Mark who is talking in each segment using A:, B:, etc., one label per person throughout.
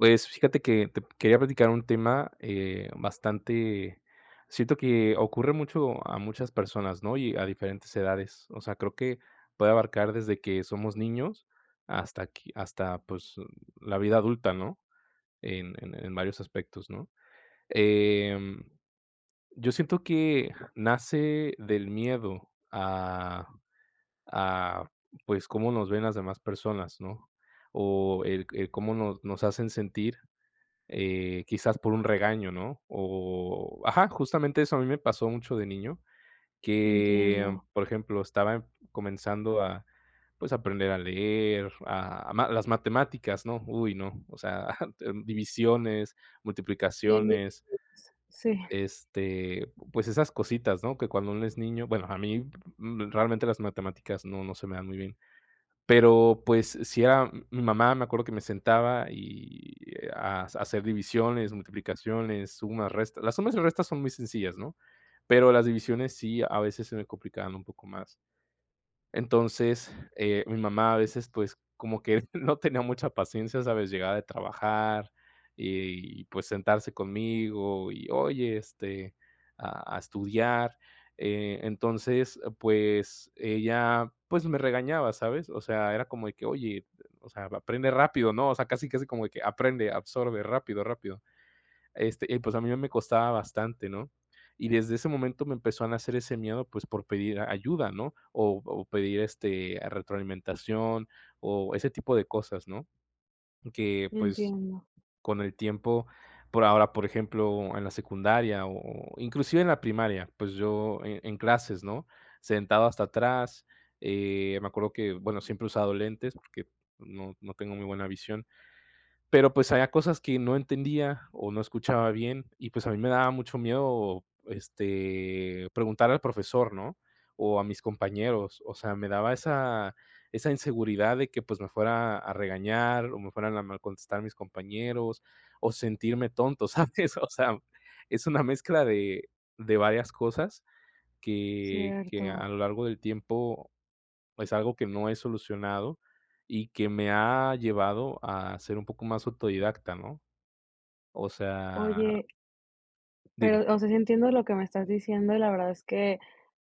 A: Pues, fíjate que te p quería platicar un tema, eh, bastante siento que ocurre mucho a muchas personas, ¿no?, y a diferentes edades, o sea, creo que puede abarcar desde que somos niños hasta qui hasta, pues, u la vida adulta, ¿no?, en en en varios aspectos, ¿no? Em, yo siento que nace del miedo a a, pues, cómo nos ven las demás personas, ¿no?, o el c el cómo no nos hacen sentir, eh, quizás, por un regaño, ¿no?, o Ajá, justamente eso a mí me pasó mucho de niño, que,
B: Entiendo.
A: por ejemplo, estaba comenzando a pues a aprender a leer, a ma las matemáticas, ¿no?, uy, no, o sea, d divisiones,
B: Bien
A: multiplicaciones,
B: [unintelligible] sí.
A: este, pues esas cositas, ¿no?, que cuando uno es niño Bueno, a mí, realmente, las matemáticas no no se me dan muy bien. Pero, pues sí era, mm, mi mamá, me acuerdo que me sentaba y hac hacer divisiones, multiplicaciones, sumas, resta las sumas y restas son muy sencillas, ¿no?, pero las divisiones, sí, a veces se me complicaban un poco más. Entonces, eh, mi mamá a veces, pues, como que no tenía mucha paciencia, ¿sabes?, llegaba de trabajar y pues sentarse conmigo y: "Oye, este, a a estudiar". Eh, entonces, pues ella, pues, me regañaba, ¿sabes?, o sea, era como de que: "Oye, eh, o sea, aprende rápido, ¿no?", o sea, casi, casi como de que: "Aprende, absorbe, rápido, rápido", este, y pues a mí me costaba bastante, ¿no? Y, desde ese momento me empezó a nacer ese miedo, pues, por pedir ayuda, ¿no?, o o pedir, este, a retroalimentación o ese tipo de cosas, ¿no?, que,
B: Y
A: pues,
B: entiendo.
A: con el tiempo por ahora, por ejemplo, en la secundaria o o inclusive en la primaria, pues yo en en clases, ¿no?, sentado hasta atrás, eh, me acuerdo que, bueno, siempre he usado lentes porque no no tengo muy buena visión, pero pues, había cosas que no entendía o no escuchaba bien y pues a mí me daba mucho miedo, este, preguntar al profesor, ¿no?, o a mis compañeros. O sea, me daba esa esa inseguridad de que, pues, me fuera a regañar o me fueran a mal contestar mis compañeros o sentirme tonto, ¿sabes? O sea, es una mezcla de de varias cosas que que a
B: Cierto.
A: lo largo del tiempo es algo que no he solucionado, y que me ha llevado a ser un poco más autodidacta, ¿no? O sea
B: Oye,
A: Dime.
B: pero, o sea, sí entiendo lo que me estás diciendo y la verdad es que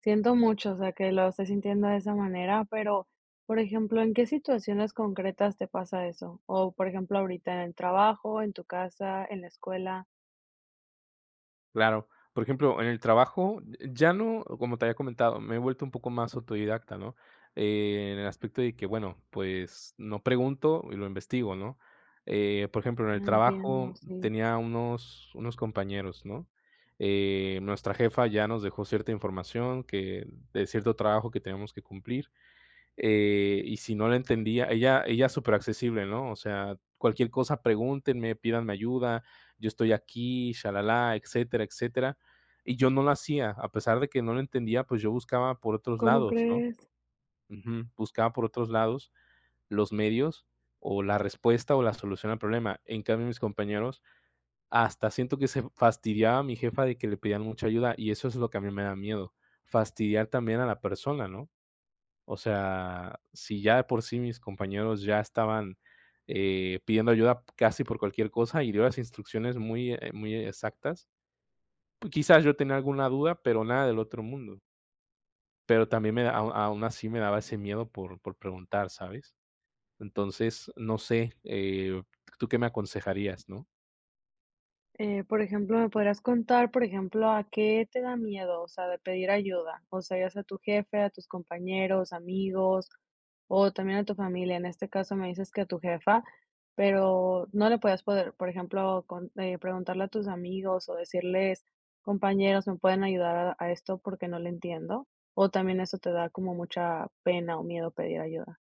B: siento mucho, o sea, que lo estés sintiendo de esa manera, pero, por ejemplo, ¿en qué situaciones concretas te pasa eso? ¿O, por ejemplo, ahorita, en el trabajo, en tu casa, en la escuela?
A: Claro. Por ejemplo, en el trabajo, eh, ya no como te había comentado, me he vuelto un poco más autodidacta, ¿no? Eh, en el aspecto de que bueno, pues, no pregunto y lo investigo, ¿no? Eh, por ejemplo, en
B: Ah,
A: el trabajo
B: entiendo, sí.
A: tenía unos unos compañeros, ¿no?, eh, nuestra jefa ya nos dejó cierta información que de cierto trabajo que tenemos que cumplir, eh, y si no le entendía ella ella es supera accesible, ¿no? O sea, cualquier cosa pregúntenme, pídanme ayuda, yo estoy aquí, shalalá, etcétera, etcétera. Y yo no lo hacía, a pesar de que no le entendía, pues, yo buscaba por otros
B: ¿Cómo
A: lados, ¿no?
B: crees?
A: Ujú, buscaba por otros lados, los medios o la respuesta, o la solución al problema. En cambio, mis compañeros hasta siento que se fastidiaba mi jefa de que le pedían mucha ayuda. Y eso es lo que a mí me da miedo. Fastidiar también a la persona, ¿no? O sea, si ya de por sí mis compañeros ya estaban, eh, pidiendo ayuda casi por cualquier cosa, y dio las instrucciones muy, eh, muy exactas. Quizás, yo tenía alguna duda, pero nada del otro mundo. Pero también me da au aún así, me daba ese miedo por por preguntar, ¿sabes? Entonces, no sé, eh, ¿tú qué me aconsejarías, no?
B: Eh, por ejemplo, me podrías contar, por ejemplo, ¿a qué te da miedo, o sea, de pedir ayuda? O sea, es a tu jefe, a tus compañeros, amigos, o también a tu familia. En este caso me dices que a tu jefa, pero no le podías poder, por ejemplo, con eh, preguntarle a tus amigos, o decirles: "Compañeros, me pueden ayudar a a esto, porque no le entiendo". O también, ¿eso te da como mucha pena o miedo pedir ayuda?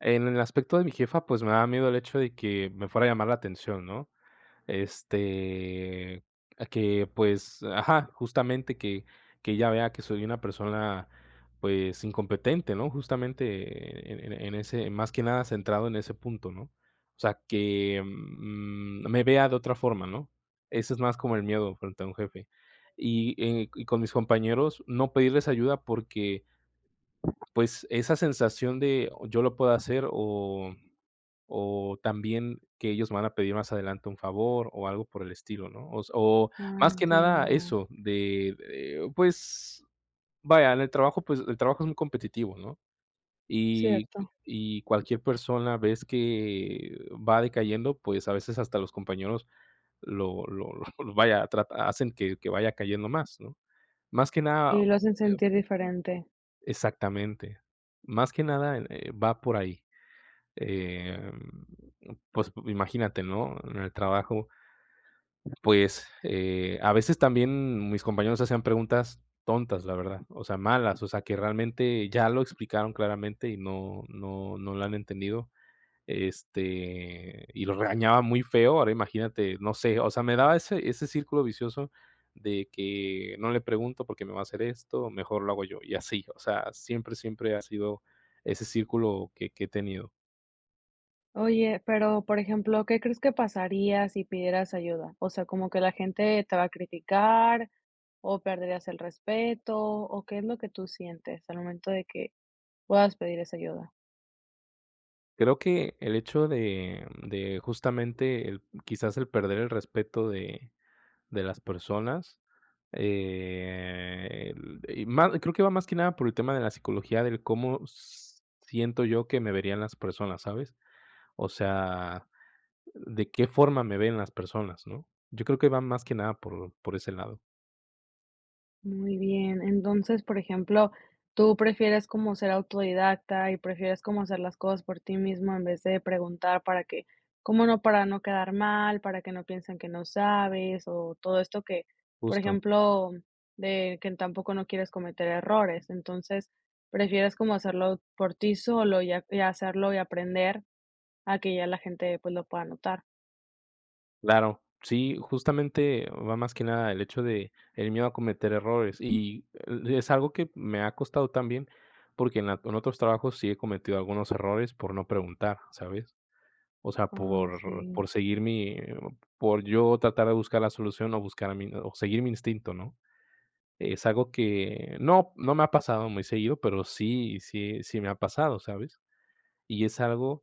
A: En el aspecto de mi jefa, pues, me daba miedo el hecho de que me fuera a llamar la atención, ¿no? Este, a que, pues ajá, justamente, que que ella vea que soy una persona, pues, incompetente, ¿no? Justamente, eh, en en ese más que nada centrado en ese punto, ¿no? O sea que, mm, me vea de otra forma, ¿no? Eso es más como el miedo frente a un jefe. Y, eh, y con mis compañeros, no pedirles ayuda, porque, pues, esa sensación de: "Yo lo puedo hacer". O o también que ellos me van a pedir más adelante un favor, o algo por el estilo, ¿no? O se o
B: Ah,
A: más que nada
B: entiendo.
A: eso de, eh, pues, vaya, en el trabajo, pues, el trabajo es muy competitivo, ¿no? Y
B: Cierto.
A: y cualquier persona vez que va decayendo, pues, a veces, hasta los compañeros lo lo lo, vaya, trata hacen que que vaya cayendo más, ¿no? Más que nada,
B: Y lo hacen
A: eh
B: sentir diferente.
A: Exactamente. Más que nada, eh, va por ahí, em, pues, imagínate, ¿no? En el trabajo, pues, eh, a veces, también mis compañeros hacían preguntas tontas, la verdad, o sea, malas. O sea, que realmente, ya lo explicaron claramente, y no no no lo han entendido, este, y lo regañaba muy feo. Ahora imagínate, no sé, o sea, me daba ese ese círculo vicioso de que no le pregunto, porque me va a hacer esto, mejor lo hago yo. Y así, o sea, siempre, siempre ha sido ese círculo que que he tenido.
B: Oye, pero por ejemplo, ¿qué crees que pasaría si pidieras ayuda? O sea, ¿como que la gente te va a criticar o perderías el respeto? O, ¿qué es lo que tú sientes, al momento de que puedas pedir esa ayuda?
A: Creo que el hecho de de justamente quizás el perder el respeto de de las personas, eh, y ma creo que va más que nada por el tema de la psicología del :"¿Cómo siento yo que me verían las personas?", ¿sabes?, o sea, ¿de qué forma me ven las personas?, ¿no?, yo creo que va más que nada por por ese lado.
B: Muy bien, entonces, por ejemplo, tú prefieres como ser autodidacta y prefieres como hacer las cosas por ti mismo en vez de preguntar, para que cómo no, para no quedar mal, para que no piensen que no sabes o todo esto que, por
A: Justo.
B: ejemplo, de que en tampoco no quieres cometer errores, entonces prefieres como hacerlo por ti solo y hacerlo y aprender a que ya la gente pues lo pueda notar.
A: Claro, sí, justamente, va más que nada el hecho de el miedo a cometer errores y e es algo que me ha costado también porque en la en otros trabajos sí he cometido algunos errores por no preguntar, ¿sabes?, o sea,
B: Ay,
A: por
B: sí.
A: por seguir mi por yo tratar de buscar la solución o buscar a mi o seguir mi instinto, ¿no?, es algo que no no me ha pasado muy seguido, pero sí sí sí me ha pasado, ¿sabes?, y es algo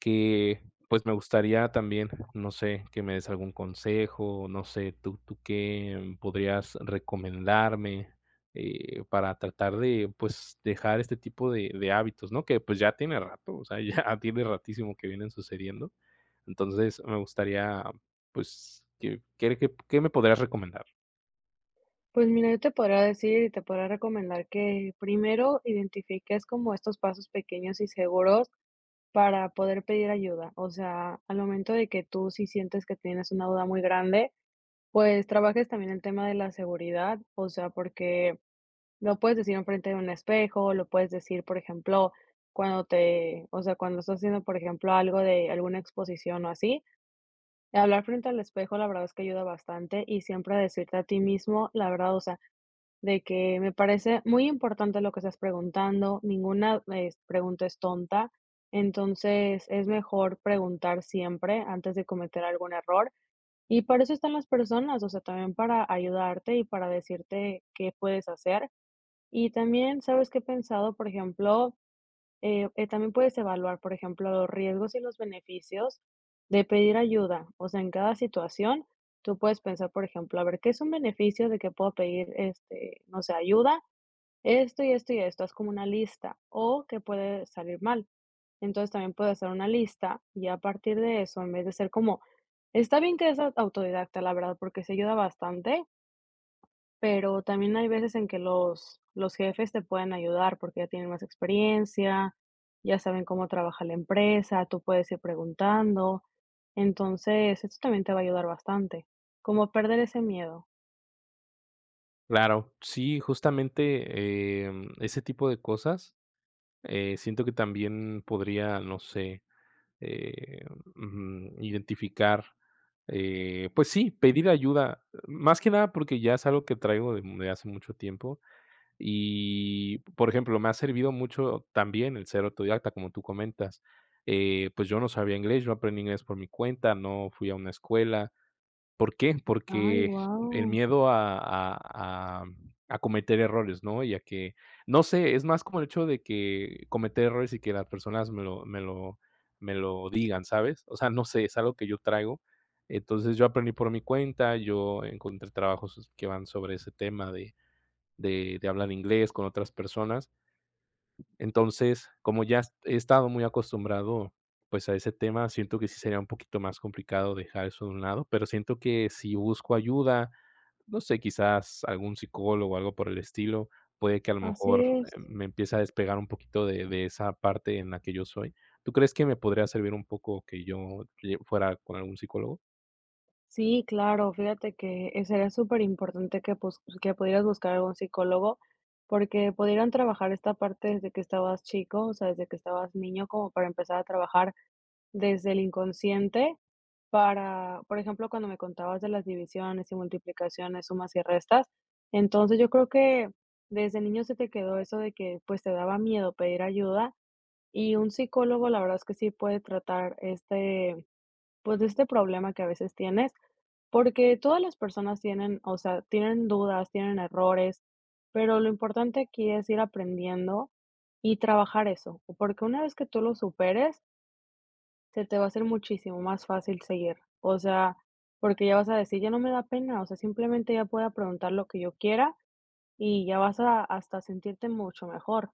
A: que, pues, me gustaría también, no sé, que me des algún consejo, no sé, ¿tú tú qué podrías recomendarme?, eh, para tratar de, pues, dejar este tipo de de hábitos, ¿no?, que, pues, ya tiene rato, o sea, ya tiene ratísimo que vienen sucediendo, entonces me gustaría, pues, ¿qué qué re qué qué me podrías recomendar?
B: Pues mira, yo te podría decir y te podría recomendar que primero identifiques como estos pasos pequeños y seguros para poder pedir ayuda, o sea, al momento de que tú, si sientes que tienes una duda muy grande, pues, trabajes también el tema de la seguridad, o sea, porque lo puedes decir enfrente de un espejo, lo puedes decir, por ejemplo, cuando te o sea, cuando estás haciendo, por ejemplo, algo de alguna exposición o así, hablar frente al espejo, la verdad es que ayuda bastante y siempre decirte a ti mismo la verdad, o sea, de que: "Me parece muy importante lo que estás preguntando, ninguna es pregunta es tonta", entonces es mejor preguntar siempre antes de cometer algún error, y para eso están las personas, o sea, también para ayudarte y para decirte qué puedes hacer, y también, ¿sabes qué he pensado?, por ejemplo, eh eh, también puedes evaluar, por ejemplo, los riesgos y los beneficios de pedir ayuda, o sea, en cada situación, tú puedes pensar, por ejemplo: "A ver, ¿qué es un beneficio de que puedo pedir, este, no sé, ayuda?, esto y esto y esto", haz como una lista, o qué puede salir mal, entonces también puedes hacer una lista, y a partir de eso, en vez de estar como está bien que seas autodidacta, la verdad, porque se ayuda bastante Pero también hay veces en que los los jefes te pueden ayudar porque ya tienen más experiencia, ya saben cómo trabaja la empresa, tú puedes ir preguntando, entonces eso también te va a ayudar bastante, como perder ese miedo.
A: Claro. Sí, justamente, em, ese tipo de cosas, eh, siento que también podría, no sé, em, ujú, identificar. Eh, pues sí, pedir ayuda más que nada, porque ya es algo que traigo de de hace mucho tiempo y, por ejemplo, me ha servido mucho también el ser autodidacta, como tú comentas, eh, pues yo no sabía inglés. Yo aprendí inglés por mi cuenta, no fui a una escuela, ¿por qué?,
B: ¡Ay,
A: porque el
B: guau!
A: miedo a a am a cometer errores, ¿no?, y a que, no sé, es más como el hecho de que cometer errores y que las personas me lo me lo me lo digan, ¿sabes?, o sea, no sé, es algo que yo traigo. Entonces, yo aprendí por mi cuenta. Yo encontré trabajos que van sobre ese tema de de de hablar inglés con otras personas. Entonces, como ya s he estado muy acostumbrado, pues a ese tema, siento que sí sería un poquito más complicado dejar eso de un lado, pero siento que si busco ayuda, no sé, quizás algún psicólogo o algo por el estilo, puede que a lo
B: Así
A: mejor,
B: es.
A: eh, me empieza a despegar un poquito de de esa parte en la que yo soy. ¿Tú crees que me podría servir un poco que yo lle fuera con algún psicólogo?
B: Sí, claro, fíjate que, eh, sería superimportante que pues, que pudieras buscar algún psicólogo, porque pudieran trabajar esta parte desde que estabas chico, o sea, desde que estabas niño, como para empezar a trabajar desde el inconsciente para, por ejemplo, cuando me contabas de las divisiones y multiplicaciones, sumas y restas. Entonces, yo creo que desde niño se te quedó eso de que, pues, te daba miedo pedir ayuda, y un psicólogo, la verdad es que sí puede tratar, este, pues este problema que a veces tienes, porque todas las personas tienen, o sea, tienen dudas, tienen errores, pero lo importante aquí es ir aprendiendo y trabajar eso, porque una vez que tú lo superes se te va a hacer muchísimo más fácil seguir, o sea, porque ya vas a decir: "Ya no me da pena", o sea, simplemente ya puedo preguntar lo que yo quiera, y ya vas a hasta a sentirte mucho mejor.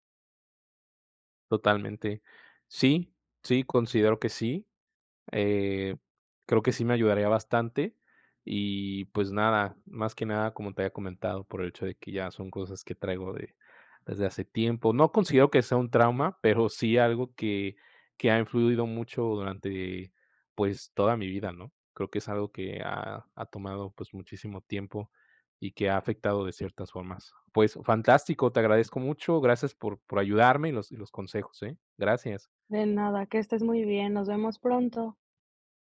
A: Totalmente, sí sí, considero que sí, eh, creo que sí me ayudaría bastante y pues nada, más que nada, como te había comentado, por el hecho de que ya son cosas que traigo de, desde hace tiempo. No considero que sea un trauma, pero sí algo que que ha influido mucho durante, pues, toda mi vida, ¿no?, creo que es algo que ha ha tomado, pues, muchísimo tiempo y que ha afectado de ciertas formas. Pues fantástico, te agradezco mucho, gracias por por ayudarme y los y los consejos, ¿eh? Gracias.
B: De nada, que estés muy bien, nos vemos pronto.